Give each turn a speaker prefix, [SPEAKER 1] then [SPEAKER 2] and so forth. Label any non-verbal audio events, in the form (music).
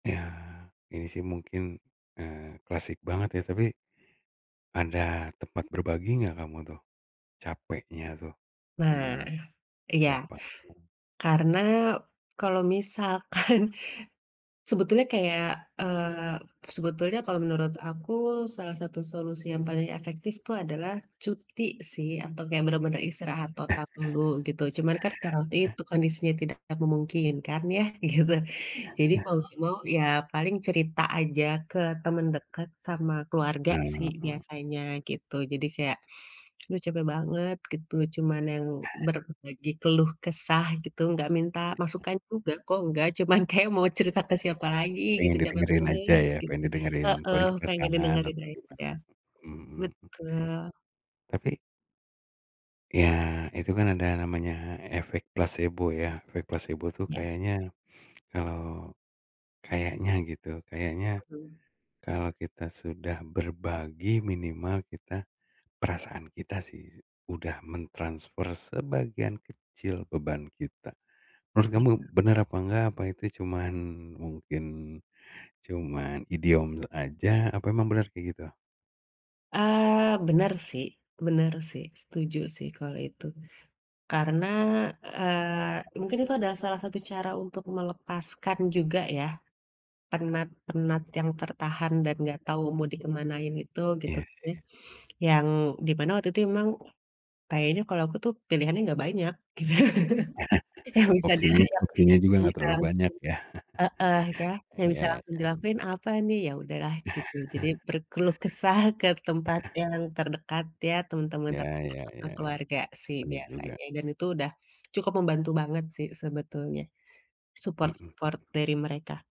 [SPEAKER 1] Ya, ini sih mungkin, eee, klasik banget ya tapi, ada tempat berbagi nggak kamu atau capeknya tuh sama
[SPEAKER 2] Nah, iya.
[SPEAKER 1] siapa?
[SPEAKER 2] Karena kalau misalkan sebetulnya kayak eee, sebetulnya kalau menurut aku salah satu solusi yang paling efektif tuh adalah cuti sih atau kayak bener-bener istirahat total dulu
[SPEAKER 1] (chuckles)
[SPEAKER 2] gitu cuman kan berarti itu kondisinya tidak memungkinkan ya, gitu. Jadi kalau mau ya paling cerita aja ke temen deket sama keluarga
[SPEAKER 1] Heeh
[SPEAKER 2] sih
[SPEAKER 1] heeh.
[SPEAKER 2] biasanya gitu. Jadi kayak, “Duh, capek banget, gitu,” cuma yang
[SPEAKER 1] (chuckles)
[SPEAKER 2] berbagi keluh kesah gitu, nggak minta
[SPEAKER 1] Iya.
[SPEAKER 2] masukan juga kok nggak cuman kayak mau cerita ke siapa lagi
[SPEAKER 1] Pengen
[SPEAKER 2] gitu capek
[SPEAKER 1] didengerin aja
[SPEAKER 2] banget
[SPEAKER 1] ya,
[SPEAKER 2] gitu,
[SPEAKER 1] pengen di dengerin,
[SPEAKER 2] heeh,
[SPEAKER 1] paling ke
[SPEAKER 2] pengen
[SPEAKER 1] pasangan
[SPEAKER 2] didengerin
[SPEAKER 1] atau
[SPEAKER 2] aja,
[SPEAKER 1] gimana? Mhm mhm.
[SPEAKER 2] betul.
[SPEAKER 1] Tapi Ya itu kan ada namanya efek plasebo ya, efek plasebo tuh
[SPEAKER 2] Ya.
[SPEAKER 1] kayaknya kalau kayaknya gitu, kayaknya
[SPEAKER 2] Mhm.
[SPEAKER 1] kalau kita sudah berbagi minimal kita perasaan kita sih udah mentransfer sebagian kecil beban kita. Menurut
[SPEAKER 2] Betul.
[SPEAKER 1] kamu benar apa enggak apa itu cuman mungkin cuman idiom aja apa emang benar kayak gitu?
[SPEAKER 2] Eee, bener sih bener sih, setuju sih kalo itu karena, eee, mungkin itu adalah salah satu cara untuk melepaskan juga ya penat-penat yang tertahan dan gak tau mau dikemanain itu gitu
[SPEAKER 1] Iya
[SPEAKER 2] ya,
[SPEAKER 1] iya.
[SPEAKER 2] yang dimana waktu itu memang kayaknya kalau aku tuh pilihannya nggak banyak. (laughs) Yang
[SPEAKER 1] (chuckles)
[SPEAKER 2] bisa
[SPEAKER 1] Opsinya
[SPEAKER 2] diajak—
[SPEAKER 1] opsinya juga
[SPEAKER 2] yang
[SPEAKER 1] enggak
[SPEAKER 2] bisa
[SPEAKER 1] terlalu
[SPEAKER 2] langsung
[SPEAKER 1] banyak ya? (laughs)
[SPEAKER 2] heeh, ya yang
[SPEAKER 1] Iya
[SPEAKER 2] bisa
[SPEAKER 1] iya.
[SPEAKER 2] dilakuin apa nih? Ya udahlah gitu, jadi
[SPEAKER 1] (chuckles)
[SPEAKER 2] berkeluh kesah ke tempat
[SPEAKER 1] (chuckles)
[SPEAKER 2] yang terdekat ya, temen-temen
[SPEAKER 1] Iya
[SPEAKER 2] terdekat
[SPEAKER 1] iya iya iya,
[SPEAKER 2] keluarga sih
[SPEAKER 1] bener juga.
[SPEAKER 2] biasanya dan itu udah cukup membantu banget sih sebetulnya
[SPEAKER 1] Mhm
[SPEAKER 2] support-support
[SPEAKER 1] mhm.
[SPEAKER 2] dari mereka.